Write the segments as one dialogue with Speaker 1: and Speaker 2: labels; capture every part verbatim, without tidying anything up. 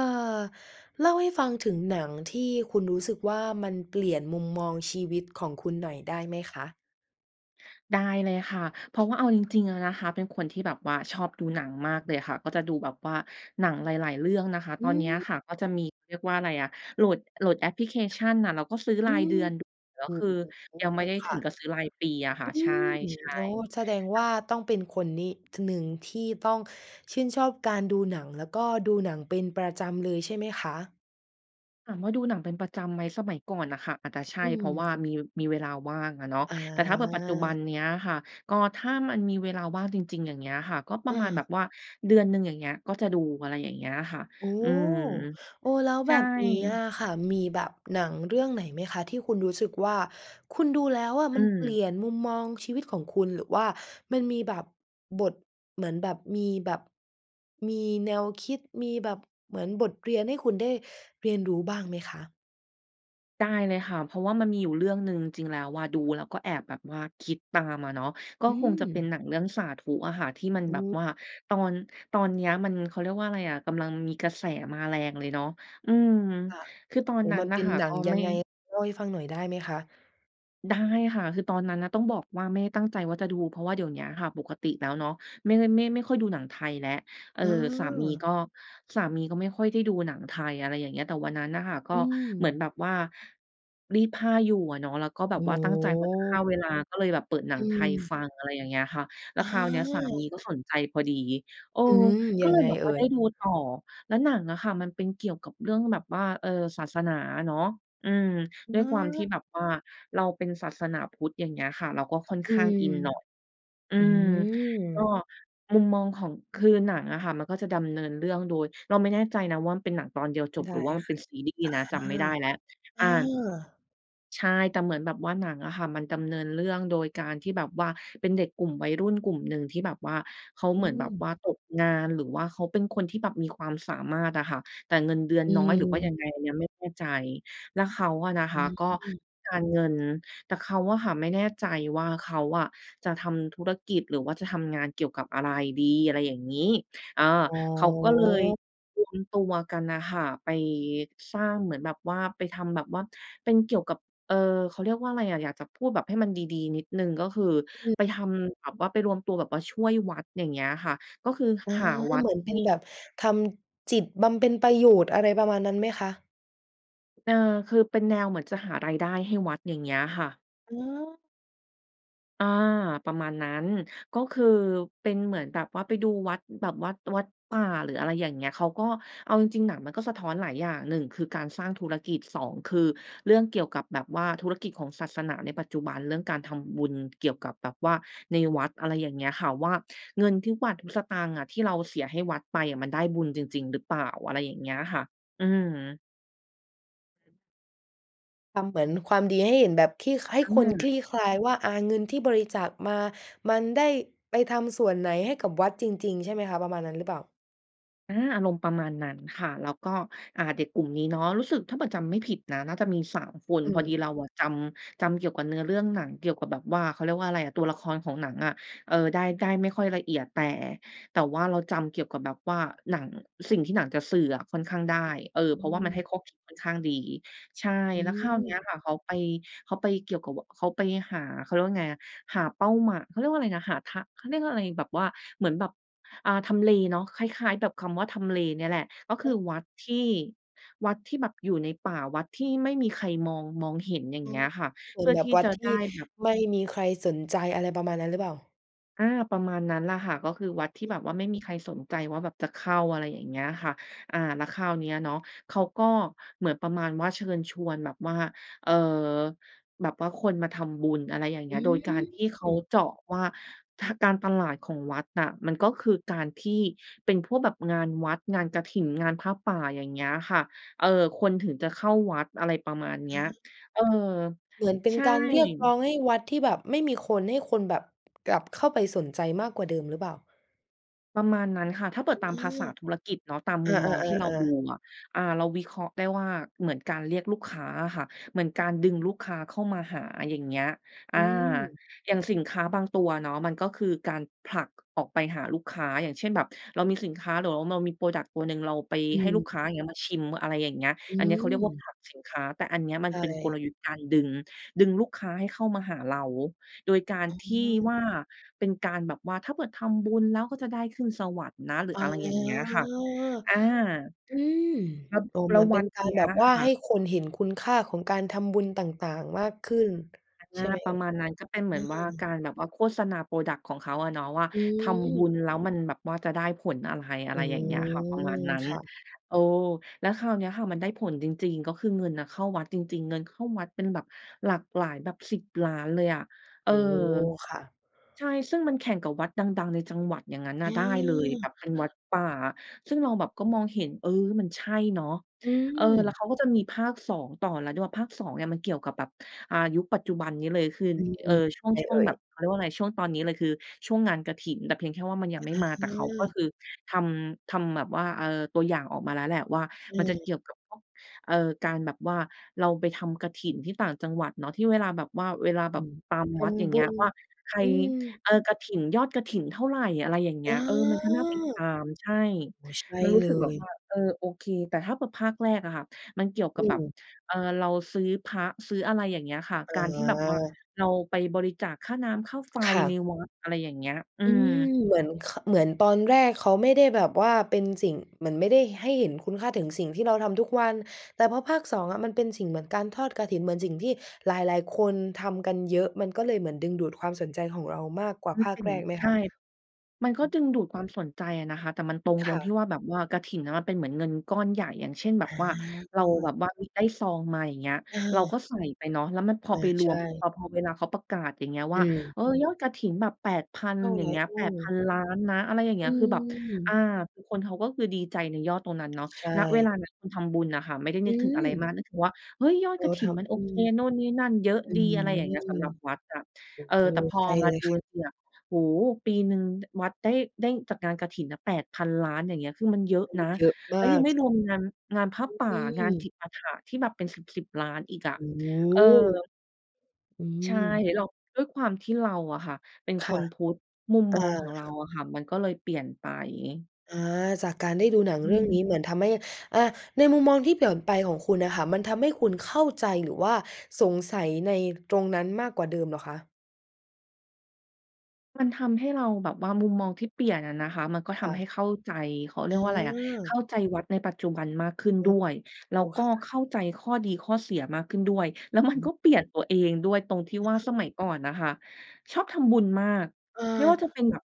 Speaker 1: เออ เล่าให้ฟังถึงหนังที่คุณรู้สึกว่า มันเปลี่ยนมุมมองชีวิตของคุณหน่อยได้ไหมคะ?
Speaker 2: ได้เลยค่ะ เพราะว่าเอาจริง ๆ แล้วนะคะ เป็นคนที่แบบว่าชอบดูหนังมากเลยค่ะ ก็จะดูแบบว่าหนังหลาย ๆ เรื่องนะคะ
Speaker 1: อื
Speaker 2: ตอนเนี้ย
Speaker 1: ม
Speaker 2: ค่ะ ก็จะมี เขาเรียกว่าไรอะ โหลด โหลดแอปพลิเคชันน่ะ เราก็ซื้อ
Speaker 1: อ
Speaker 2: ร
Speaker 1: ื
Speaker 2: ายเด
Speaker 1: ม
Speaker 2: ือน แล้
Speaker 1: โ
Speaker 2: ว
Speaker 1: อ้
Speaker 2: คือยั
Speaker 1: โ
Speaker 2: งไม
Speaker 1: ฮ
Speaker 2: ่ได้
Speaker 1: ค
Speaker 2: ถ
Speaker 1: ่
Speaker 2: ึง
Speaker 1: ะ
Speaker 2: กับซื้อรายปีอะค่
Speaker 1: อ
Speaker 2: ะ
Speaker 1: ื
Speaker 2: ใช่
Speaker 1: ม อ๋อ แสดงว
Speaker 2: ๆ [unintelligible]
Speaker 1: ่าต้องเป็นคนนี่ ท หนึ่งที่ต้องชื่นชอบการดูหนัง แล้วก็ดูหนังเป็นประจำเลยใช่ไหมคะ?
Speaker 2: ถามว่าดูหนังเป็นประจำไหม สมัยก่อนอะค่ะ อาจจะใช่
Speaker 1: อื
Speaker 2: เพราะ
Speaker 1: ม
Speaker 2: ว่ามี มีเวลาว่างอะเนาะ
Speaker 1: อ
Speaker 2: แต่ถ้าเผื่อปัจจุบัน
Speaker 1: า
Speaker 2: เนี้ยค่ะ ก็ถ้ามันมีเวลาว่างจริง ๆ อย่างเงี้ยค่ะ ก็ปร
Speaker 1: เ
Speaker 2: ะมาณแบ
Speaker 1: ออ
Speaker 2: บว่าเดือนหนึ่ง อย่างเงี้ย ก็จะดู อะไรอย่างเงี้ยค่ะ
Speaker 1: อ๋อ
Speaker 2: อืม
Speaker 1: เออ แล้ว
Speaker 2: ใช
Speaker 1: แบ
Speaker 2: ่
Speaker 1: บนี้อะค่ะ มีแบบหนังเรื่องไหนไหมคะ ที่คุณรู้สึกว่า คุณดูแล้วอะ
Speaker 2: อื
Speaker 1: มันเปลี่
Speaker 2: ม
Speaker 1: ยนมุมมองชีวิตของคุณ? หรือว่ามันมีแบบ บทเหมือนแบบมีแบบ มีแนวคิด มีแบบเหมือนบทเรียน ให้คุณได้เรียนรู้บ้างไหมคะ?
Speaker 2: ได้เลยค่ะ เพราะว่ามันมีอยู่เรื่องหนึ่ง จริง ๆ แล้วอะ ดูแล้วก็แอบแบบว่าคิดตามอะเนาะ ก็
Speaker 1: อื
Speaker 2: คงจะเป็น
Speaker 1: ม
Speaker 2: หนังเรื่องสาธุอะค่ะ ที่มัน
Speaker 1: อื
Speaker 2: แบบ
Speaker 1: ม
Speaker 2: ว่าตอน ตอนเนี้ยมัน เขาเรียกว่าอะไรอะ กำลังมีกระแสมาแรงเลยเนาะ อืม
Speaker 1: ค่ะ
Speaker 2: คือตอ
Speaker 1: โ
Speaker 2: น
Speaker 1: อ้
Speaker 2: นั้
Speaker 1: ม
Speaker 2: น
Speaker 1: ัน
Speaker 2: น่
Speaker 1: เป
Speaker 2: ะ
Speaker 1: ็น
Speaker 2: ค่ะ
Speaker 1: หน
Speaker 2: ก
Speaker 1: ั
Speaker 2: ็
Speaker 1: งย
Speaker 2: ไ
Speaker 1: ั
Speaker 2: ม
Speaker 1: ง
Speaker 2: ่
Speaker 1: ไง? เล่าให้ฟังหน่อยได้ไหมคะ?
Speaker 2: ได้ค่ะ คือตอนนั้นน่ะ ต้องบอกว่า ไม่ได้ตั้งใจว่าจะดู เพราะว่าเดี๋ยวเนี้ยค่ะ ปกติแล้วเนาะ ไม่ได้ ไม่ ไม่ค่อยดูหนังไทยแล้ว เออ
Speaker 1: เ
Speaker 2: สามี
Speaker 1: ออ
Speaker 2: ก็ สามีก็ไม่ค่อยได้ดูหนังไทย อะไรอย่างเงี้ย แต่วันนั้นน่ะค่ะ ก็
Speaker 1: อื
Speaker 2: เหมือน
Speaker 1: ม
Speaker 2: แบบว่า รีดผ้าอยู่อะเนาะ แล้วก็แบ
Speaker 1: โอ
Speaker 2: บ
Speaker 1: ้
Speaker 2: ว่าตั้งใจว่าจะฆ
Speaker 1: โ
Speaker 2: ่า
Speaker 1: ฮ
Speaker 2: เวลา ก็เลยแบบเปิดหนั
Speaker 1: อ
Speaker 2: งไทย
Speaker 1: ืม
Speaker 2: ฟัง อะไรอย่างเงี้ยค่ะ แล้ว
Speaker 1: อ
Speaker 2: คราวเนี้ยสาม
Speaker 1: า
Speaker 2: ีก็สนใจพอดี เออ
Speaker 1: อืม
Speaker 2: ก
Speaker 1: ย
Speaker 2: ็
Speaker 1: ั
Speaker 2: เล
Speaker 1: ง
Speaker 2: ย
Speaker 1: ไง
Speaker 2: แบบ
Speaker 1: เอ
Speaker 2: ว
Speaker 1: ่
Speaker 2: ่าได้
Speaker 1: ย?
Speaker 2: ดูต่อ แล้วหนังอะค่ะ มันเป็นเกี่ยวกับเรื่องแบบว่า เออ ศาสนาอะเนาะ อืม ด้ว
Speaker 1: อ
Speaker 2: ยความที่
Speaker 1: า
Speaker 2: แบบว่าเราเป็นศาสนาพุทธ อย่างเงี้ยค่ะ เราก็ค่อน
Speaker 1: อ
Speaker 2: ข
Speaker 1: ื
Speaker 2: ้าง
Speaker 1: ม
Speaker 2: อินหน่อย อื
Speaker 1: อื
Speaker 2: ม ก็
Speaker 1: ม
Speaker 2: มุมมองของ คือหนังอะค่ะ มันก็จะดำเนินเรื่องโดย เราไม่แน่ใจนะว่า มันเป็นหนังตอนเดียวจบ
Speaker 1: ได
Speaker 2: ห
Speaker 1: ้
Speaker 2: รือว่ามัน
Speaker 1: ค
Speaker 2: เ
Speaker 1: ่
Speaker 2: ป
Speaker 1: ะ
Speaker 2: ็นซีรีส์นะ จำไม่ได้แล้ว
Speaker 1: อา อ
Speaker 2: อา
Speaker 1: า
Speaker 2: ใช่ แต่เหมือนแบบว่าหนังอะค่ะ มันดำเนินเรื่องโดยการที่แบบว่าเป็นเด็กกลุ่มวัยรุ่นกลุ่มหนึ่ง ที่แบบว่าเขา
Speaker 1: อ
Speaker 2: เหมือนแบบ
Speaker 1: ืม
Speaker 2: ว่าตกงาน หรือว่าเขาเป็นคนที่แบบมีความสามารถอะค่ะ แต่เงินเดือน
Speaker 1: อ
Speaker 2: น้อยหรือว่ายั
Speaker 1: ืม
Speaker 2: งไง ยังไม่เข้าใจ แล้วเขาอะนะค
Speaker 1: อื
Speaker 2: ะ ก็
Speaker 1: ม
Speaker 2: การเงิน แต่เขาอะค่ะไม่แน่ใจว่า เขาอะจะทำธุรกิจ หรือว่าจะทำงานเกี่ยวกับอะไรดี? อะไรอย่างงี้ อา
Speaker 1: อ๋อ
Speaker 2: เขาก็เลยรวมตัวกันน่ะค่ะ ไปสร้างเหมือนแบบว่า ไปทำแบบว่าเป็นเกี่ยวกับ เออ เขาเรียกว่าอะไรอะ อยากจะพูดแบบให้มันดี ๆ นิดหนึ่ง ก็คือ
Speaker 1: อืม
Speaker 2: ไปทำแบบว่า ไปรวมตัวแบบว่าช่วยวัด อย่างเงี้ยอะค่ะ ก็คือ
Speaker 1: อา
Speaker 2: หาวั
Speaker 1: เ
Speaker 2: ด
Speaker 1: หมือนเป
Speaker 2: ท
Speaker 1: ็
Speaker 2: ี
Speaker 1: น
Speaker 2: ่
Speaker 1: แบบทำจิตบำเพ็ญประโยชน์ อะไรประมาณนั้นไหมคะ?
Speaker 2: เออ คือเป็นแนวเหมือนจะหารายได้ให้วัด อย่างเงี้ยค่ะ
Speaker 1: เออ
Speaker 2: เออ ประมาณนั้น ก็คือเป็นเหมือนแบบว่าไปดูวัด แบบวัด วัดป่าหรือ อะไรอย่างเงี้ย เขาก็ เอาจริง ๆ หนังมันก็สะท้อนหลายอย่าง หนึ่ง คือ การสร้างธุรกิจ สอง คือ เรื่องเกี่ยวกับแบบว่าธุรกิจของศาสนาในปัจจุบัน เรื่องการทำบุญเกี่ยวกับแบบว่าในวัด อะไรอย่างเงี้ยค่ะ ว่า เงินทุกบาททุกสตางค์อะที่เราเสียให้วัดไปอะ มันได้บุญจริง ๆ หรือเปล่า อะไรอย่างเงี้ยค่ะ อืม
Speaker 1: ทำเหมือนความดีให้เห็น แบบคลี่ ให้
Speaker 2: อื
Speaker 1: คนคล
Speaker 2: ม
Speaker 1: ี่คลายว่า อา เงินที่บริจาคมา มันได้ไปทำส่วนไหนให้กับวัดจริง ๆ ใช่ไหมคะ ประมาณนั้นหรือเปล่า?
Speaker 2: อา อารมณ์ประมาณนั้นค่ะ แล้วก็ อ่า เด็กกลุ่มนี้เนาะ รู้สึกถ้าเผื่อจำไม่ผิดนะ น่าจะมี สาม คน
Speaker 1: อื
Speaker 2: พอดี
Speaker 1: ม
Speaker 2: เราอะจำ จำเกี่ยวกับเนื้อเรื่องหนัง เกี่ยวกับแบบว่า เขาเรียกว่าไรอะ ตัวละครของหนังอะ เออ ได้ ได้ไม่ค่อยละเอียด แต่ แต่ว่าเราจำเกี่ยวกับแบบว่าหนัง สิ่งที่หนังจะสื่ออะค่อนข้างได้ เออ
Speaker 1: อ
Speaker 2: เพรา
Speaker 1: ื
Speaker 2: ะว่ามันให้
Speaker 1: ม
Speaker 2: ข้อคิดค่อนข้างดี ใช่
Speaker 1: อื
Speaker 2: แล้วคราวเนี
Speaker 1: ม
Speaker 2: ้ยค่ะ เขาไป เขาไปเกี่ยวกับ ว เขาไปหา เขาเรียกว่าไงอะ หาเป้าหม่า เขาเรียกว่าไรนะ หาทะ เขาเรียกว่าอะไร แบบว่า เหมือนแบบ อ่า ทำเลเนาะ คล้าย ๆ แบบคำว่าทำเลเนี่ยแหละ ก็ค
Speaker 1: เ
Speaker 2: ือ
Speaker 1: ออ
Speaker 2: วัดที่ วัดที่แบบอยู่ในป่า วัดที่ไม่มีใครมอง มองเห็น อย่า
Speaker 1: อ
Speaker 2: ง
Speaker 1: ๋
Speaker 2: เ
Speaker 1: อ
Speaker 2: งี้ยค่ะ
Speaker 1: เหม
Speaker 2: เ
Speaker 1: ื
Speaker 2: พ
Speaker 1: อน
Speaker 2: ื่อ
Speaker 1: แบ
Speaker 2: ท
Speaker 1: บ
Speaker 2: ี่
Speaker 1: วั
Speaker 2: จ
Speaker 1: ด
Speaker 2: ะ
Speaker 1: ท
Speaker 2: ได
Speaker 1: ี่
Speaker 2: ้แบบ
Speaker 1: ไม่มีใครสนใจ อะไรประมาณนั้นหรือเปล่า?
Speaker 2: อา ประมาณนั้นล่ะค่ะ ก็คือวัดที่
Speaker 1: อุ้
Speaker 2: แบ
Speaker 1: ย
Speaker 2: บว่า ไม่มีใครสนใจว่าแบบจะเข้า อะไรอย่างเงี้ยค่ะ อา แล้วคราวนี้อะเนาะ เขาก็เหมือนประมาณว่าเชิญชวน แบบว่า เอ่อ แบบว่าคนมาทำบุญ อะไรอย่างเง
Speaker 1: อ
Speaker 2: ี้ย โดยการที่เขา
Speaker 1: ืม
Speaker 2: เจาะว่า ทา การตลาดของวัดน่ะ มันก็คือการที่เป็นพวกแบบงานวัด งานกฐิน งานผ้าป่า อย่างเงี้ยค่ะ เออ คนถึงจะเข้าวัด อะไรประมาณเนี
Speaker 1: อ
Speaker 2: ้ย
Speaker 1: ืม
Speaker 2: เออ
Speaker 1: เหมือนเป็
Speaker 2: ใ
Speaker 1: น
Speaker 2: ช่
Speaker 1: การเรียกร้องให้วัดที่แบบไม่มีคน ให้คนแบบกลับเข้าไปสนใจมากกว่าเดิมหรือเปล่า?
Speaker 2: ประมาณนั้นค่ะ ถ้าเปิ
Speaker 1: อ
Speaker 2: ดตาม
Speaker 1: ื
Speaker 2: ภา
Speaker 1: ม
Speaker 2: ษาธุรกิจเนาะ ตาม
Speaker 1: อ
Speaker 2: ม
Speaker 1: า
Speaker 2: ุมมองที่เราดู
Speaker 1: ๆ ๆ ๆ
Speaker 2: อะ อา เราวิเคราะห์ได้ว่า เหมือนการเรียกลูกค้าอะค่ะ เหมือนการดึงลูกค้าเข้ามาหา อย่างเงี้ย อ
Speaker 1: อ
Speaker 2: า
Speaker 1: ืม
Speaker 2: อย่างสินค้าบางตัวเนาะ มันก็คือการผลักออกไปหาลูกค้า อย่างเช่น แบบเรามีสินค้าหรือ ว เรามี พรอดักต์ ตัวหนึ่ง เราไป
Speaker 1: อื
Speaker 2: ให้ลูก
Speaker 1: ม
Speaker 2: ค้า อย่างเงี้ย มาชิม อะไรอย่างเงี้ย
Speaker 1: อื
Speaker 2: อันเนี้ยเขาเรียกว่าผ
Speaker 1: ม
Speaker 2: ลักสินค้า แต่อันเนี้ยมั
Speaker 1: ใ
Speaker 2: น
Speaker 1: ช
Speaker 2: เป็นก
Speaker 1: ่
Speaker 2: ลยุทธ์การดึง ดึงลูกค้าให้เข้ามาหาเรา โดยการ
Speaker 1: อ๋
Speaker 2: ที่
Speaker 1: อ
Speaker 2: ว่า เป็นการแบบว่า ถ้าเกิดทำบุญแล้วก็จะได้ขึ้นสวรรค์นะ หรือ
Speaker 1: อ๋อ
Speaker 2: อะไรอย่างเงี้ยค่ะ อา
Speaker 1: อืม
Speaker 2: แล้ว
Speaker 1: โอ้
Speaker 2: แ
Speaker 1: เห
Speaker 2: ล
Speaker 1: ม
Speaker 2: ้
Speaker 1: ือ
Speaker 2: ว
Speaker 1: นเป
Speaker 2: ว
Speaker 1: ็
Speaker 2: ั
Speaker 1: น
Speaker 2: ด
Speaker 1: กา
Speaker 2: น
Speaker 1: ร
Speaker 2: ี้
Speaker 1: แบบ
Speaker 2: อะ
Speaker 1: ว่า
Speaker 2: ค่
Speaker 1: ให้
Speaker 2: ะ
Speaker 1: คนเห็นคุณค่าของการทำบุญต่าง ๆ มากขึ้น
Speaker 2: อา
Speaker 1: ใช่ไหม
Speaker 2: ประมาณนั้น ก็เป็นเห
Speaker 1: เ
Speaker 2: ม
Speaker 1: อ
Speaker 2: ื
Speaker 1: ่
Speaker 2: อน
Speaker 1: ย?
Speaker 2: ว่า
Speaker 1: เอ
Speaker 2: ก
Speaker 1: อ
Speaker 2: ารแบบว่าโฆษณา พรอดักต์ ของเขาอะเนาะว่า
Speaker 1: อ
Speaker 2: ทำบุ
Speaker 1: ืม
Speaker 2: ญแล้วมันแบบว่าจะได้ผลอะไร? อะ
Speaker 1: อ
Speaker 2: ไ
Speaker 1: ื
Speaker 2: รอย่างเงี้ยค่ะ ประม
Speaker 1: ม
Speaker 2: าณนั้น
Speaker 1: ค่ะ
Speaker 2: เออ แล้วคราวเนี้ยค่ะ มันได้ผลจริง ๆ ก็คือเงินน่ะเข้าวัดจริง ๆ เงินเข้าวัดเป็นแบบหลักหลาย แบบ สิบ ล้านเลยอะ เอ
Speaker 1: โ
Speaker 2: อ
Speaker 1: อ้โฮ ค่ะ
Speaker 2: ใช่ ซึ่งมันแข่งกับวัดดัง ๆ ในจังหวัดอย่างงั้นน่ะได้เลย
Speaker 1: อ
Speaker 2: แบ
Speaker 1: า
Speaker 2: บเป็นวัดป่า ซึ่งเราแบบก็มองเห็น เออ นี่มันใช่เนาะ
Speaker 1: อื
Speaker 2: เออ แล้
Speaker 1: ม
Speaker 2: วเขาก็จะมีภาค สอง ต่อแล้วด้วย ภาค สอง เนี่ยมันเกี่ยวกับแบบ อา ยุคปัจจุบันนี้เลย คือ
Speaker 1: อื
Speaker 2: เออ
Speaker 1: ม
Speaker 2: ช่
Speaker 1: ๆ
Speaker 2: ว
Speaker 1: ไ
Speaker 2: ง
Speaker 1: ง
Speaker 2: ช่
Speaker 1: เ
Speaker 2: ว
Speaker 1: อ
Speaker 2: ง
Speaker 1: ่
Speaker 2: แบ
Speaker 1: ย?
Speaker 2: บ เขาเรียกว่าอะไร ช่วงตอนนี้เลย คือช่วงงานกฐิน แต่เพียงแค่ว่ามันย
Speaker 1: อ
Speaker 2: ัง
Speaker 1: ะ
Speaker 2: ไม่มา
Speaker 1: ฮ
Speaker 2: แต่เขาก็
Speaker 1: ะ
Speaker 2: คือทำ ทำแบบว่า เออ ตัวอย่างออกมาแล้วแหละว่า
Speaker 1: อื
Speaker 2: มันจะเก
Speaker 1: ม
Speaker 2: ี่ยวกับพวก เออ การแบบว่าเราไปทำกฐินที่ต่างจังหวัดเนาะ ที่เวลาแบบว่า เวลา
Speaker 1: อ
Speaker 2: แบ
Speaker 1: ื
Speaker 2: บ
Speaker 1: ม
Speaker 2: ตาม
Speaker 1: ท
Speaker 2: วัด อย่า
Speaker 1: ำ
Speaker 2: ง
Speaker 1: บ
Speaker 2: เง
Speaker 1: ุ
Speaker 2: ี้ย
Speaker 1: ญ
Speaker 2: ว่าใคร
Speaker 1: อืม
Speaker 2: เออ กฐิน ยอดกฐินเท่าไร อะไรอย่างเง
Speaker 1: อ
Speaker 2: ี้
Speaker 1: า
Speaker 2: ย เออ มันก
Speaker 1: โ
Speaker 2: ็
Speaker 1: อ้
Speaker 2: น่าติดตาม ใช่
Speaker 1: โฮ ใช่
Speaker 2: มันรู
Speaker 1: เ
Speaker 2: ้
Speaker 1: ล
Speaker 2: สึกแบบว
Speaker 1: ย
Speaker 2: ่า เออ โอเค แต่ถ้าแบบภาคแรกอะค่ะ มันเกี่ยวก
Speaker 1: อ
Speaker 2: ั
Speaker 1: ื
Speaker 2: บแบบ
Speaker 1: ม
Speaker 2: เออ เราซื้อพระ ซื้ออะไรอย่างเงี้ยค่ะ
Speaker 1: อ
Speaker 2: การที่แบบว่า
Speaker 1: า
Speaker 2: เราไปบริจาคค่าน้ำค่าไฟ
Speaker 1: ค่
Speaker 2: ใน
Speaker 1: ะ
Speaker 2: วัด อะไรอย่างเงี้ย อื
Speaker 1: อื
Speaker 2: ม
Speaker 1: ม เหมือน ค เหมือนตอนแรกเขาไม่ได้แบบว่าเป็นสิ่ง เหมือนไม่ได้ให้เห็นคุณค่าถึงสิ่งที่เราทำทุกวัน แต่พอภาค สอง อะมันเป็นสิ่งเหมือนการทอดกฐิน เหมือนสิ่งที่หลาย ๆ คนทำกันเยอะ มันก็เลยเหมือนดึงดูดความสนใจของเรามากกว่า
Speaker 2: มัน
Speaker 1: ภา
Speaker 2: เป
Speaker 1: ค
Speaker 2: ็นอ
Speaker 1: แร
Speaker 2: ย่างงี
Speaker 1: ก
Speaker 2: ้
Speaker 1: ไหม
Speaker 2: ใช
Speaker 1: ค
Speaker 2: ่
Speaker 1: ะ?
Speaker 2: มันก
Speaker 1: อ
Speaker 2: ็ดึ
Speaker 1: ืม
Speaker 2: งดูดความสนใจอะนะคะ แต่มันตรง
Speaker 1: ค
Speaker 2: ล
Speaker 1: ่
Speaker 2: งที่
Speaker 1: ะ
Speaker 2: ว่า แบบว่ากฐินอะมันเป็นเหมือนเงินก้อนใหญ่ อย่างเช่น แบ
Speaker 1: อ
Speaker 2: บว่า เราแบ
Speaker 1: า
Speaker 2: บว่า อุ๊ย ได้ซองมา อย่างเงี้ย
Speaker 1: เ
Speaker 2: เราก็
Speaker 1: ออ
Speaker 2: ใส่ไปเนาะ แล้วมันพ
Speaker 1: เอ
Speaker 2: อไป
Speaker 1: อ
Speaker 2: ร
Speaker 1: ใช
Speaker 2: วมปุ๊บ
Speaker 1: ่
Speaker 2: อะ พอเวลาเขาประกาศ อย่างเงี้ย
Speaker 1: อ
Speaker 2: ว่า
Speaker 1: ืม
Speaker 2: เออ ยอดกฐินแบบ แปดพัน
Speaker 1: เท่า
Speaker 2: อย
Speaker 1: ไ
Speaker 2: ่
Speaker 1: ร?
Speaker 2: างเงี้ย
Speaker 1: อื
Speaker 2: แปดพั
Speaker 1: ม
Speaker 2: น ล้านนะ อะไรอย่างเง
Speaker 1: อื
Speaker 2: ี้ย คือแบบ อา
Speaker 1: ม
Speaker 2: คือคนเขาก็คือดีใจในยอดตรงนั้นเนาะ
Speaker 1: ใช
Speaker 2: ณ เว
Speaker 1: ่
Speaker 2: ลานั้นคนทำบุญน่ะค่ะ ไม่ได้
Speaker 1: อ
Speaker 2: น
Speaker 1: ื
Speaker 2: ึกถึง
Speaker 1: ม
Speaker 2: อะไรมาก นึกถึงว่า เฮ้ย! ยอ
Speaker 1: เ
Speaker 2: ด
Speaker 1: ออ
Speaker 2: กฐ
Speaker 1: ท
Speaker 2: ินมันโ
Speaker 1: ำ
Speaker 2: อ
Speaker 1: อื
Speaker 2: เค
Speaker 1: อ
Speaker 2: โน้นนี่นั่นเยอะ
Speaker 1: อื
Speaker 2: ดี
Speaker 1: ม
Speaker 2: อะไรอย่างเงี้ย สำหรับวัดอะ เออ
Speaker 1: เออ
Speaker 2: แต่พอ
Speaker 1: ใช่
Speaker 2: มา
Speaker 1: เลย
Speaker 2: ดู
Speaker 1: ค่ะ
Speaker 2: เนี่ย โอ้โฮ! ปีหนึ่ง ด วัดได้ ได้จากงานกฐินน่ะ แปดพัน ล้าน อย่างเงี้ย คือมันเยอะ
Speaker 1: โอ้โ
Speaker 2: น
Speaker 1: ฮ
Speaker 2: ะ
Speaker 1: เยอะม
Speaker 2: แ
Speaker 1: า
Speaker 2: ล้วยั
Speaker 1: ก
Speaker 2: งไม่
Speaker 1: ใช
Speaker 2: ร
Speaker 1: ่
Speaker 2: วมงาน งานผ้าป่า
Speaker 1: อื
Speaker 2: งานจ
Speaker 1: ม
Speaker 2: ิปาถะที่แบบเป็นสิบ ๆ ล้านอีกอะ
Speaker 1: โอ้โ
Speaker 2: เออ
Speaker 1: ฮ อ
Speaker 2: ใช่
Speaker 1: ืม
Speaker 2: เรา ด้วยความที่เราอะค่ะเป็น
Speaker 1: ค
Speaker 2: ค
Speaker 1: ่ะ
Speaker 2: นพุทธ มุม
Speaker 1: อ
Speaker 2: ม
Speaker 1: า
Speaker 2: องของเราอะค่ะ มันก็เลยเปลี่ยนไป
Speaker 1: อา จากการได้ดูหนัง
Speaker 2: อ
Speaker 1: เร
Speaker 2: ื
Speaker 1: ื่องนี
Speaker 2: ม
Speaker 1: ้เหมือนทำให้ อะ ในมุมมองที่เปลี่ยนไปของคุณน่ะค่ะ มันทำให้คุณเข้าใจ หรือว่าสงสัยในตรงนั้นมากกว่าเดิมเหรอคะ?
Speaker 2: มันทำให้เราแบบว่า มุมมองที่เปลี่ยนอะนะคะ มันก็ท
Speaker 1: ค่
Speaker 2: ำให
Speaker 1: ะ
Speaker 2: ้เข้าใจ เขาเร
Speaker 1: เ
Speaker 2: ียกว่าอะไรนะ เข
Speaker 1: อ
Speaker 2: ้
Speaker 1: อ
Speaker 2: าใจวัดในปัจจุบันมากขึ้น
Speaker 1: เอ
Speaker 2: ด้
Speaker 1: อ
Speaker 2: วย แล้
Speaker 1: โอ
Speaker 2: ว
Speaker 1: เ
Speaker 2: ก
Speaker 1: ค
Speaker 2: ็
Speaker 1: ค่
Speaker 2: เข
Speaker 1: ะ
Speaker 2: ้าใจข้อดีข้อเสียมากขึ้นด้วย แล้วมั
Speaker 1: อ
Speaker 2: นก
Speaker 1: ือ
Speaker 2: ็เปลี่ยนตัวเองด้วยตรงที่ว่า ส
Speaker 1: เออ
Speaker 2: มัยก่อนน่ะค่ะชอบทำบุญมาก
Speaker 1: เ
Speaker 2: ไม่ว่าจะ
Speaker 1: ออ
Speaker 2: เป็นแบบ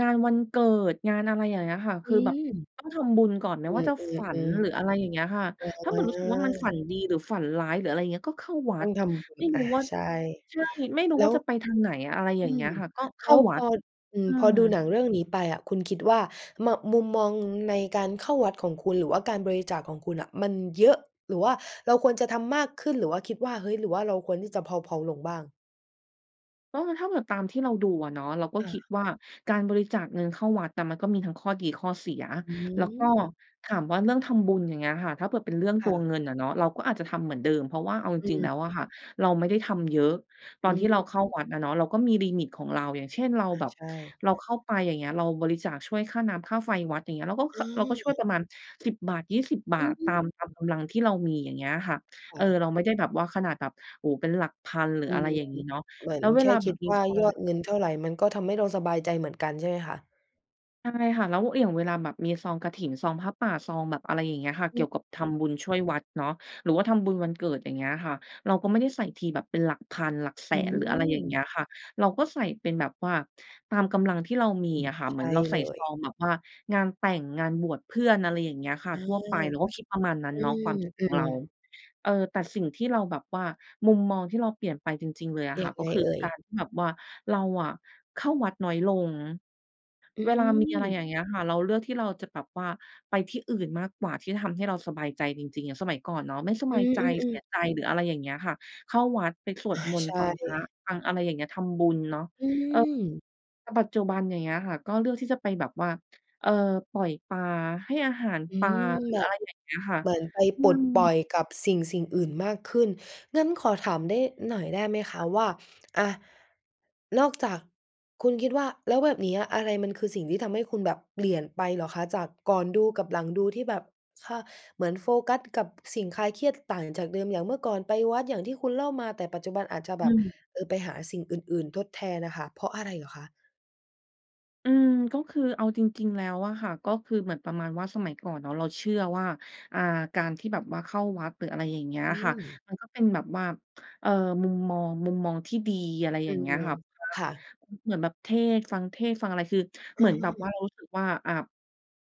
Speaker 2: งานวันเกิด งานอะไรอย่างเงี้ยค่ะ
Speaker 1: อ
Speaker 2: คือแบบ
Speaker 1: ืม
Speaker 2: ต้องทำบุญก่อนไม่
Speaker 1: อื
Speaker 2: ว่า
Speaker 1: อ
Speaker 2: จะฝัน หรื
Speaker 1: ๆ
Speaker 2: ออะ
Speaker 1: ๆ
Speaker 2: ไ
Speaker 1: อ
Speaker 2: รอย่างเงี้ยค่ะ ถ้าเหมือนรู้สึกว่า มันฝั
Speaker 1: า
Speaker 2: นดี หรือฝันร้าย หรืออะไรอย่างเงี้ย ก็เข้าวั
Speaker 1: ต้อ
Speaker 2: ด
Speaker 1: งทำบุ
Speaker 2: ไ
Speaker 1: ญ
Speaker 2: ม่
Speaker 1: อ
Speaker 2: รู้
Speaker 1: า
Speaker 2: ว่า
Speaker 1: ใช่
Speaker 2: ใช่ ไม่รู้
Speaker 1: แล
Speaker 2: ว่
Speaker 1: ้
Speaker 2: า
Speaker 1: ว
Speaker 2: จะไปทางไหน? อะไรอย
Speaker 1: อ
Speaker 2: ่
Speaker 1: ื
Speaker 2: างเงี้
Speaker 1: อ
Speaker 2: ยค่ะ ก็เข
Speaker 1: แล
Speaker 2: ้า
Speaker 1: ้ว
Speaker 2: ว
Speaker 1: พ
Speaker 2: ัด
Speaker 1: อ อือ
Speaker 2: อื
Speaker 1: พอ
Speaker 2: ม
Speaker 1: ดูหนังเรื่องนี้ไปอะคุณคิดว่า มะ มุมมองในการเข้าวัดของคุณ หรือว่าการบริจาคของคุณน่ะมันเยอะ หรือว่าเราควรจะทำมากขึ้น? หรือว่าคิดว่า เฮ้ย! หรือว่าเราควรที่จะเพลา ๆ ลงบ้าง?
Speaker 2: ก็ถ้าแบบตามที่เราดูอะเนาะ เราก็
Speaker 1: อา
Speaker 2: คิดว่า การบริจาคเงินเข้าวัดอะมันก็มีทั้งข้อดีข้อเสีย แล้วก็
Speaker 1: หือ
Speaker 2: ถามว่าเรื่องทำบุญ อย่างเงี้ยค่ะ ถ้าเกิดเป็นเรื่อง
Speaker 1: ค
Speaker 2: ต
Speaker 1: ่
Speaker 2: ัว
Speaker 1: ะ
Speaker 2: เงินอะเนาะ เราก็อาจจะทำเหมือนเดิม เพราะว่าเอาจ
Speaker 1: อ
Speaker 2: ริง ๆ แล้
Speaker 1: ืม
Speaker 2: วอะค่ะเราไม่ได้ทำเยอะ ตอ
Speaker 1: อื
Speaker 2: นที่เราเข้า
Speaker 1: อ อ
Speaker 2: วัดอะเนาะ เราก็มีลิมิตของเรา อย่างเช่น เรา
Speaker 1: อะ
Speaker 2: แบบ
Speaker 1: ใช่
Speaker 2: เราเข้าไป อย่างเงี้ย เราบริจาคช่วยค่าน้ำค่าไฟวัด อย่างเงี้ย เราก็ ข
Speaker 1: อ
Speaker 2: เราก็ช่ว
Speaker 1: ื
Speaker 2: ย
Speaker 1: ม
Speaker 2: ประมาณ สิบ บาท ยี่สิบ บา
Speaker 1: อื
Speaker 2: ท ตาม ตาม
Speaker 1: อ
Speaker 2: กำลังที่เรามี อย่างเงี้ยค่ะ
Speaker 1: ค
Speaker 2: เอ
Speaker 1: ่
Speaker 2: อ
Speaker 1: ะ
Speaker 2: เราไม่ได้แบบว่าขนาดแบบ โอ้โฮ เป็นหลักพัน หรือ
Speaker 1: อื
Speaker 2: อะไร
Speaker 1: ม
Speaker 2: อย่างงี้เนาะ
Speaker 1: เหมือ
Speaker 2: แล
Speaker 1: น
Speaker 2: ้วเว
Speaker 1: แค่
Speaker 2: ลาแ
Speaker 1: ค
Speaker 2: บ
Speaker 1: ิ
Speaker 2: บ
Speaker 1: ด
Speaker 2: มี
Speaker 1: ว่ายอดเงินเท่าไร มันก็ทำให้เราสบายใจเหมือนกัน ใช่ไหมคะ?
Speaker 2: ใช่ค่ะ แล้ว อา อย่างเวลาแบบมีซองกฐิน ซองผ้าป่า ซองแบบอะไรอย่างเงี้ยค่ะ
Speaker 1: อ
Speaker 2: เก
Speaker 1: ื
Speaker 2: ี่
Speaker 1: ม
Speaker 2: ยวกับท
Speaker 1: อึ
Speaker 2: ำบ
Speaker 1: บ
Speaker 2: ุญช่วยวัดเนาะ หรือว่าทำบุญวันเกิด อย่างเงี้ยค่ะ เราก็ไม่ได้ใส่ทีแบบเป็นหลักพันหลักแส
Speaker 1: อื
Speaker 2: น หรืออะไรอย่างเงี้
Speaker 1: ม
Speaker 2: ยค่ะ เราก็ใส่เป็นแบบว่า ตามกำลังที่เราม
Speaker 1: อ
Speaker 2: ี
Speaker 1: ืม
Speaker 2: อะค่ะ เ
Speaker 1: ใช
Speaker 2: หมือน
Speaker 1: ่
Speaker 2: เราใส
Speaker 1: เล
Speaker 2: ่ซ
Speaker 1: ย
Speaker 2: องแบบว่างานแต่ง งานบวชเพื่อน อะไรอย่างเงี้ยค่ะ
Speaker 1: อา
Speaker 2: ทั่วไป เราก็คิดประมาณนั้น
Speaker 1: อ
Speaker 2: เนาะ ความคิด
Speaker 1: ื
Speaker 2: ของ
Speaker 1: ม
Speaker 2: เรา
Speaker 1: ๆ
Speaker 2: เออ แต่สิ่งที่เราแบบว่า มุมมองที่เราเปลี่ยนไปจริง ๆ เลยอะ
Speaker 1: ย
Speaker 2: ค
Speaker 1: ั
Speaker 2: ่ะ
Speaker 1: ง
Speaker 2: ก
Speaker 1: ไ
Speaker 2: ็
Speaker 1: ง
Speaker 2: คือ
Speaker 1: เอ่
Speaker 2: ก
Speaker 1: ย?
Speaker 2: ารที่แบบว่า เราอะเข้าวัดน้อยลง
Speaker 1: อื
Speaker 2: เวลามีอะไร
Speaker 1: ม
Speaker 2: อย่างเงี้ยค่ะ เราเลือกที่เราจะแบบว่าไปที่อื่นมากกว่า ที่ทำให้เราสบายใจจริง ๆ อย่างสมัยก่อนเนาะ ไม่ส
Speaker 1: อ
Speaker 2: บ
Speaker 1: ื
Speaker 2: ายใจ เส
Speaker 1: อ
Speaker 2: ี
Speaker 1: ๆ ๆ
Speaker 2: ยใจ หรืออะไรอย่างเงี้ยค่ะ เข้าวัดไปสว
Speaker 1: อ
Speaker 2: ด
Speaker 1: า
Speaker 2: มน
Speaker 1: ใ
Speaker 2: ต
Speaker 1: ช
Speaker 2: ์ ฟังพระ
Speaker 1: ่
Speaker 2: ฟังอะไรอย่างเงี้ย ทำบุญเนาะ
Speaker 1: อื
Speaker 2: เออ
Speaker 1: ม
Speaker 2: แต่ปัจจุบัน อย่างเงี้ยค่ะ ก็เลือกที่จะไปแบบว่า เออ ปล่อยปลา ให้อาหาร
Speaker 1: อื
Speaker 2: ปลา
Speaker 1: ม
Speaker 2: หรื
Speaker 1: แ
Speaker 2: อ
Speaker 1: บ
Speaker 2: อะ
Speaker 1: บ
Speaker 2: ไรอย่างเงี้ยค่ะ
Speaker 1: เหมือนไป
Speaker 2: อื
Speaker 1: ปลดปล่อ
Speaker 2: ม
Speaker 1: ยกับสิ่ง ๆ อื่นมากขึ้น งั้นขอถามได้ หน่อยได้ไหมคะ
Speaker 2: ค่ะ
Speaker 1: ว่า อะ นอก จาก คุณคิดว่า แล้วแบบนี้อะ อะไรมันคือสิ่งที่ทำให้คุณแบบเปลี่ยนไปเหรอคะ? จากก่อนดูกับหลังดู ที่แบบ ค่ะ เหมือนโฟกัสกับสิ่งคลายเครียดต่างจากเดิม อย่างเมื่อก่อนไปวัดอย่างที่คุณเล่ามา แต่ปัจจุบันอาจจะแ
Speaker 2: อ
Speaker 1: บ
Speaker 2: ื
Speaker 1: บ
Speaker 2: ม
Speaker 1: เออ ไปหาสิ่งอื่น ๆ ทดแทนน่ะค่ะ เพราะอะไรเหรอคะ?
Speaker 2: อืม ก็คือเอาจริง ๆ แล้วอะค่ะ ก็คือเหมือนประมาณว่า สมัยก่อนเนาะ เราเชื่อว่า อ่า การที่แบบว่าเข้าวัด หรืออะไรอย่างเงี้ย
Speaker 1: อื
Speaker 2: ค่ะ
Speaker 1: ม
Speaker 2: มันก็เป็นแบบว่า เอ่อ มุมมอง มุมมองที่ดี อะไร
Speaker 1: อ
Speaker 2: อ
Speaker 1: ื
Speaker 2: ย่างเงี้
Speaker 1: ม
Speaker 2: ยค่ะ พระ
Speaker 1: ค่ะ
Speaker 2: อ เหมือนแบบเทศน์ ฟังเทศน์ฟังอะไร คือ
Speaker 1: อ
Speaker 2: เหมือนแบ
Speaker 1: ื
Speaker 2: บ
Speaker 1: ม
Speaker 2: ว่า เรารู้สึกว่า อะ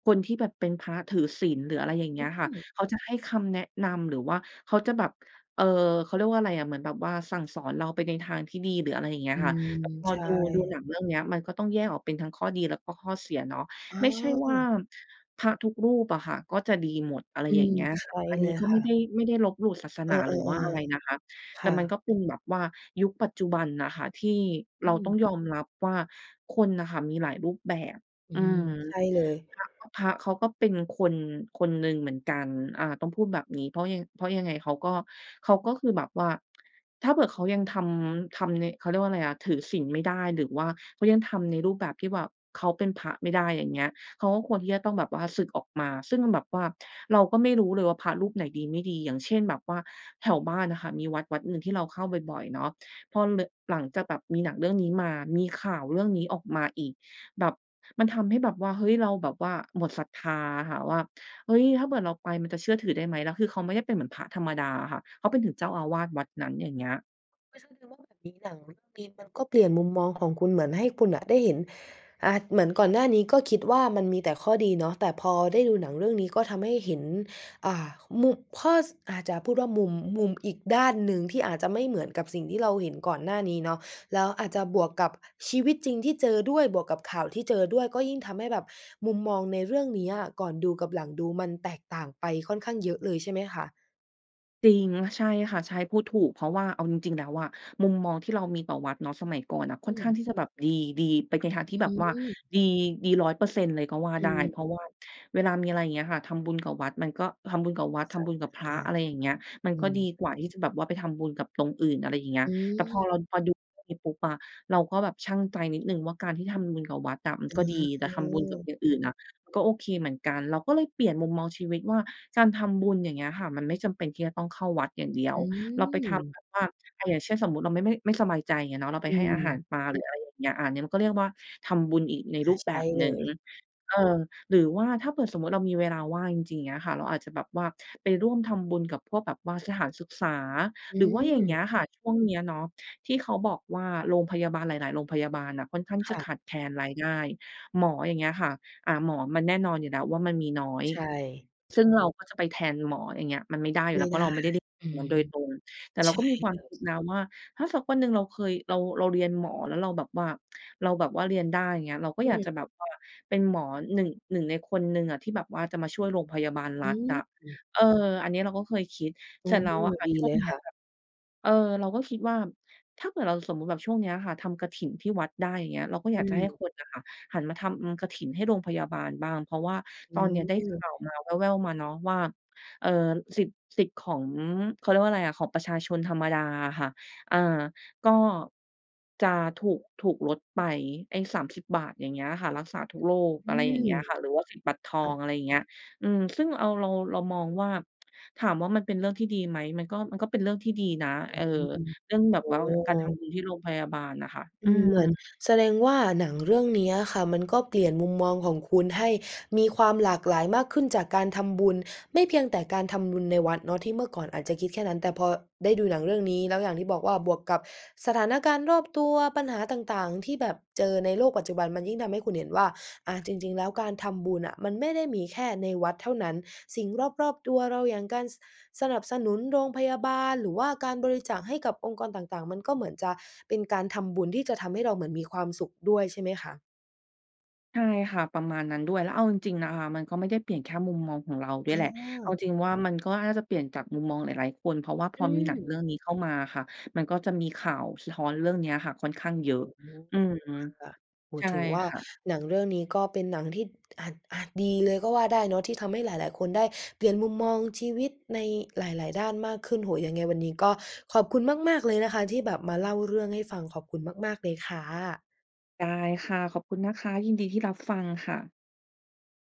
Speaker 2: คนที่แบบเป็นพระถือศีลหรือ อะไรอย่างเง
Speaker 1: อ
Speaker 2: ี้ยค่ะ
Speaker 1: ืม
Speaker 2: เขาจะให้คำแนะนำ หรือว่าเขาจะแบบ เอ่อ เขาเรียกว่าอะไรอะ เหมือนแบบว่าสั่งสอนเราไปในทางที่ดีหรือ อะไรอย่างเงี้ย
Speaker 1: อื
Speaker 2: ค่ะ
Speaker 1: ม
Speaker 2: แต่พอ
Speaker 1: ใช
Speaker 2: ดู ดูห
Speaker 1: ่
Speaker 2: นังเรื่องเนี้ย มันก็ต้องแยกออกเป็นทั้งข้อดี และก็ข้อเสียเนาะ
Speaker 1: อ๋
Speaker 2: ไม่ใช่ว่า
Speaker 1: อ
Speaker 2: พระทุกรูปอะค่ะ ก็จะดีหมด อะไร
Speaker 1: อื
Speaker 2: อย่าง
Speaker 1: ม
Speaker 2: เงี้ย
Speaker 1: ใช
Speaker 2: ค่ะ
Speaker 1: ่
Speaker 2: อัน
Speaker 1: เ
Speaker 2: น
Speaker 1: ล
Speaker 2: ี้
Speaker 1: ย
Speaker 2: ก็
Speaker 1: ค
Speaker 2: ไม่
Speaker 1: ่
Speaker 2: ไ
Speaker 1: ะ
Speaker 2: ด้ ไม่ได้ลบหลู่ศาส
Speaker 1: เอ
Speaker 2: นา
Speaker 1: อ
Speaker 2: หรือว่าอะไรน
Speaker 1: ๆ
Speaker 2: ะคะ
Speaker 1: ๆ ค
Speaker 2: แต่
Speaker 1: ่
Speaker 2: มันก
Speaker 1: ะ
Speaker 2: ็เป็นแบบว่า ยุคปัจจุบันน่ะค่ะ ที่เ
Speaker 1: อื
Speaker 2: ราต้อง
Speaker 1: ม
Speaker 2: ยอมรับว่า คนน่ะค่ะมีหลายรูปแบบ
Speaker 1: อื
Speaker 2: อื
Speaker 1: ม
Speaker 2: ม
Speaker 1: ใช่เลย
Speaker 2: พระก็ พระเขาก็เป็นคนคนหนึ่งเหมือนกัน อ่า ต้องพูดแบบนี้ เพราะยะ เพราะยังไงเขาก็ เขาก็คือแบบว่า ถ้าเผื่อว่าเขายังทำ ทำใน เขาเรียกว่าไรอะ ถือศีลไม่ได้ หรือว่าเขายังทำในรูปแบบที่แบบ เขาเป็นพระไม่ได้ อย่างเงี้ย เขาก็ควรที่จะต้องแบบว่าสึกออกมา ซึ่งแบบว่าเราก็ไม่รู้เลยว่า พระรูปไหนดีไม่ดี อย่างเช่น แบบว่า แถวบ้านอะค่ะ มีวัดวัดหนึ่งที่เราเข้าบ่อย ๆ เนาะ พอเลอ หลังจากแบบมีหนังเรื่องนี้มา มีข่าวเรื่องนี้ออกมาอีก แบบ มันทำให้แบบว่า เฮ้ย! เราแบบว่าหมดศรัทธาอะค่ะว่า "เฮ้ย! ถ้าเกิดเราไปมันจะเชื่อถือได้ไหม" แล้วคือเขาไม่ได้เป็นเหมือนพระธรรมดาอะค่ะ เขาไปถึงเจ้าอาวาสวัดนั้น อย่างเงี้ย
Speaker 1: ไม่ใช่ แต่ว่าแบบนี้หนังมันก็มี มันก็เปลี่ยนมุมมองของคุณ เหมือนให้คุณน่ะได้เห็น อะ เหมือนก่อนหน้านี้ ก็คิดว่ามันมีแต่ข้อดีเนาะ แต่พอได้ดูหนังเรื่องนี้ ก็ทำให้เห็น อ่า มุบ ข้อ ส อาจจะพูดว่ามุม มุมอีกด้านหนึ่ง ที่อาจจะไม่เหมือนกับสิ่งที่เราเห็นก่อนหน้านี้เนาะ แล้วอาจจะบวกกับชีวิตจริงที่เจอด้วย บวกกับข่าวที่เจอด้วย ก็ยิ่งทำให้แบบมุมมองในเรื่องนี้อะ ก่อนดูกับหลังดูมันแตกต่างไปค่อนข้างเยอะเลยใช่ไหมคะ?
Speaker 2: จริง ใช่ค่ะ ใช่ พูดถูก เพราะว่าเอาจริง ๆ แล้วอะมุมมองที่เรามีต่อวัดเนาะสมัยก่อนน่ะค
Speaker 1: อื
Speaker 2: ่อนข
Speaker 1: ม
Speaker 2: ้างที่จะแบบดี ดีไปในทาง
Speaker 1: อ
Speaker 2: ที่แบ
Speaker 1: ื
Speaker 2: บ
Speaker 1: ้อ
Speaker 2: ว่า
Speaker 1: ฮือ
Speaker 2: ดี ดี ร้อยเปอร์เซ็นต์ เลยก็ว่า
Speaker 1: อื
Speaker 2: ได้ เพรา
Speaker 1: ม
Speaker 2: ะว่าเวลามีอะไรอย่างเงี้ยค่ะ ทำบุญกับวัดมันก็ ทำบุญกับว
Speaker 1: ไ
Speaker 2: ั
Speaker 1: ป
Speaker 2: ด ท
Speaker 1: จั
Speaker 2: ำบ
Speaker 1: บ
Speaker 2: ุญ
Speaker 1: ม
Speaker 2: กั
Speaker 1: า
Speaker 2: บพร
Speaker 1: ให
Speaker 2: ะ
Speaker 1: ้
Speaker 2: อะไรอย่างเงี้ย มั
Speaker 1: อ
Speaker 2: น
Speaker 1: ื
Speaker 2: ก็
Speaker 1: ม
Speaker 2: ดีกว่าที่จะแบบว่าไปทำบุญกับตรงอื่น อะไรอย่างเงี้ย
Speaker 1: อ
Speaker 2: แต่พอ
Speaker 1: ือ
Speaker 2: เรา พอดู [unintelligible] ปุ๊บอะ เราก็แบบชั่งใจนิดหนึ่งว่าการที่ทำบุญกับวัดอะมัน
Speaker 1: อ
Speaker 2: ก็ดี แต่
Speaker 1: ๋
Speaker 2: ทำบุญกับ
Speaker 1: อ
Speaker 2: อย่างอื่นอะก็โอเคเหมือนกัน เราก็เลยเปลี่ยนมุมมองชีวิตว่า การทำบุญ อย่างเงี้ยค่ะ มันไม่จำเป็นที่จะต้องเข้าวัดอย่างเดีย
Speaker 1: อ
Speaker 2: ว
Speaker 1: ื
Speaker 2: เราไปทำแ
Speaker 1: อ
Speaker 2: บบว่า อา อย่างเช่น สมมุติเราไม่ ไม่ ไม่สบายใจเนาะ เราไป
Speaker 1: อ
Speaker 2: ให้อาหา
Speaker 1: ืม
Speaker 2: รปลาหรือ อะไรอย่างเงี้ย อา อันเนี้ยมันก็เรียกว่าทำบุญอีกใน
Speaker 1: อ
Speaker 2: ร
Speaker 1: า
Speaker 2: ูป
Speaker 1: ใ
Speaker 2: แ
Speaker 1: ช
Speaker 2: บ
Speaker 1: ่
Speaker 2: บ
Speaker 1: เ
Speaker 2: ห
Speaker 1: ล
Speaker 2: นึ่ง
Speaker 1: ย
Speaker 2: เออ หรือว่า ถ้าเกิดสมมุติเรามีเวลาว่างจริง ๆ อย่างเงี้ยค่ะ เราอาจจะแบบว่าไปร่วมทำบุญกับพวกแบบว่าสถานศึกษา
Speaker 1: อ
Speaker 2: หรื
Speaker 1: ื
Speaker 2: อว่าอย่างเงี้
Speaker 1: อ
Speaker 2: ยค่ะ ช่วงนี้เนาะที่เขาบอกว่าโรงพยาบาลหลาย ๆ โรงพยาบาลน่ะค่อนข้าง
Speaker 1: ค
Speaker 2: จะ
Speaker 1: ่
Speaker 2: ข
Speaker 1: ะ
Speaker 2: าดแคลนรายได้ หมออย่างเงี้ยค่ะ อา หมอมันแน่นอนอยู่แล้วว่ามันมีน้อย
Speaker 1: ใช่
Speaker 2: ซึ่งเราก็จะไปแทนหมอ อย่างเงี้ย มันไม่ได้อยู
Speaker 1: ไ
Speaker 2: ่
Speaker 1: ม
Speaker 2: แล้
Speaker 1: ่
Speaker 2: วเพ
Speaker 1: ไ
Speaker 2: ร
Speaker 1: ด
Speaker 2: าะเ
Speaker 1: ้
Speaker 2: ราไม่ไดริ น
Speaker 1: อื
Speaker 2: ั้นโ
Speaker 1: ม
Speaker 2: ดยตรง แต่เร
Speaker 1: ใ
Speaker 2: า
Speaker 1: ช
Speaker 2: ก็
Speaker 1: ่
Speaker 2: มีความ
Speaker 1: เล
Speaker 2: ค
Speaker 1: ย
Speaker 2: ิดนะว่า ถ้าสักวันหนึ่งเราเคย เรา เราเรียนหมอแล้วเราแบบว่า เราแบบว่าเรียนได้ อย่างเงี้ย เราก็
Speaker 1: อื
Speaker 2: อยากจะ
Speaker 1: ม
Speaker 2: แบบว่าเป็นหมอ หนึ่ง หนึ่ง ในคนหนึ่งอะที่แบบว่าจะมาช่วยโรงพยาบาล
Speaker 1: อ
Speaker 2: รั
Speaker 1: ื
Speaker 2: ฐอะ
Speaker 1: ม
Speaker 2: เออ อันนี้เราก็เคยคิด
Speaker 1: อื
Speaker 2: เสร็จ
Speaker 1: ม
Speaker 2: แล้วอะค่ะ
Speaker 1: ดี
Speaker 2: ช่
Speaker 1: เ
Speaker 2: ว
Speaker 1: ล
Speaker 2: ง
Speaker 1: ย
Speaker 2: เนี้
Speaker 1: ค
Speaker 2: ย
Speaker 1: ่ะ
Speaker 2: แบบ เออ เราก็คิดว่าถ้าเกิดเราสมมุติแบบช่วงนี้อะค่ะทำกฐินที่วัดได้ อย่างเงี้ย เราก็อ
Speaker 1: อ
Speaker 2: ยา
Speaker 1: ื
Speaker 2: กจะให้
Speaker 1: ม
Speaker 2: คนน่ะค่ะ หันมาทำ อืม กฐินให้โรงพยาบาลบ้าง เพราะว่า
Speaker 1: อ
Speaker 2: ต
Speaker 1: ื้
Speaker 2: อนนี้
Speaker 1: อ
Speaker 2: ได้
Speaker 1: ฮื
Speaker 2: ข
Speaker 1: อ
Speaker 2: ่าวมาแว่ว ๆ มาเนาะ ว่า เออ สิทธิ์ สิทธิ์ของ เขาเรียกว่าอะไรอะ ของประชาชนธรรมดาอะค่ะ อ่า ก็ จะถูก ถูกลดไป ไอ้ สามสิบ บาท อย่างเงี้ยค่ะ รักษาทุกโรค
Speaker 1: อื
Speaker 2: อะไรอย่างเ
Speaker 1: ม
Speaker 2: งี้ยค่ะ หรือว่าสิทธิบัตรทอ
Speaker 1: ค่
Speaker 2: ง
Speaker 1: ะ
Speaker 2: อะไรอย่างเงี้ย อืม ซึ่งเอา เรา เรามองว่า ถามว่ามันเป็นเรื่องที่ดีไหม มันก็ มันก็เป็นเรื่องที่ดีนะ
Speaker 1: อื
Speaker 2: เออ
Speaker 1: ม
Speaker 2: เรื่องแบ
Speaker 1: โ
Speaker 2: บ
Speaker 1: อ้
Speaker 2: ว่าก
Speaker 1: โ
Speaker 2: ารท
Speaker 1: ฮ
Speaker 2: ำบุญที่โรงพยาบาลน่ะค่ะ อ
Speaker 1: อ
Speaker 2: ื
Speaker 1: ืม เหมือน
Speaker 2: ม
Speaker 1: แสดงว่าหนังเรื่องนี้อะค่ะ มันก็เปลี่ยนมุมมองของคุณให้มีความหลากหลายมากขึ้น จากการทำบุญ ไม่เพียงแต่การทำบุญในวัดเนาะ ที่เมื่อก่อนอาจจะคิดแค่นั้น แต่พอได้ดูหนังเรื่องนี้ แล้วอย่างที่บอกว่าบวกกับสถานการณ์รอบตัว ปัญหาต่าง ๆ ที่แบบเจอในโลกปัจจุบันมันยิ่งทำให้คุณเห็นว่า อา จริง ๆ แล้วการทำบุญอะมันไม่ได้มีแค่ในวัดเท่านั้น สิ่งรอบ ๆ ตัวเรา อย่างการ ส สนับสนุนโรงพยาบาล หรือว่าการบริจาคให้กับองค์กรต่าง ๆ มันก็เหมือนจะเป็นการทำบุญที่จะทำให้เราเหมือนมีความสุขด้วย ใช่ไหมคะ?
Speaker 2: ใช่ค่ะ ประมาณนั้นด้วย แล้วเอาจริง ๆ นะคะมันก็ไม่ได้เปลี่ยนแค่มุมมองของเราด้ว
Speaker 1: เ
Speaker 2: ยแหละ เอา
Speaker 1: ออ
Speaker 2: จริง ๆ ว่ามันก็น่าจะเปลี่ยนจากมุมมองหลาย ๆ คน เพราะว่าพ
Speaker 1: อ
Speaker 2: อ
Speaker 1: ื
Speaker 2: มีหนังเรื่อ
Speaker 1: อ
Speaker 2: งนี้เข้ามาอะค่ะ มันก็จะมีข่าวสะท้อนเรื่องเนี้ยค่ะค่อนข้างเยอ
Speaker 1: โอ
Speaker 2: ะ
Speaker 1: ้โฮ
Speaker 2: อืม
Speaker 1: ค่ะ โอ้โ
Speaker 2: ใช
Speaker 1: ฮ
Speaker 2: ่
Speaker 1: ถือว่า
Speaker 2: ค่ะ
Speaker 1: หนังเรื่องนี้ก็เป็นหนังที่อาจ อาจดีเลยก็ว่าได้เนาะ ที่ทำให้หลาย ๆ คนได้เปลี่ยนมุมมองชีวิตในหลาย ๆ ด้านมากขึ้น โอ้โฮ ยังไงวันนี้ก็ขอบคุณมาก ๆ เลยนะคะที่แบบมาเล่าเรื่องให้ฟัง ขอบคุณมาก ๆ เลยค่ะ
Speaker 2: ได้ค่ะ ขอบคุณนะคะ ยินดีที่รับฟังค่ะ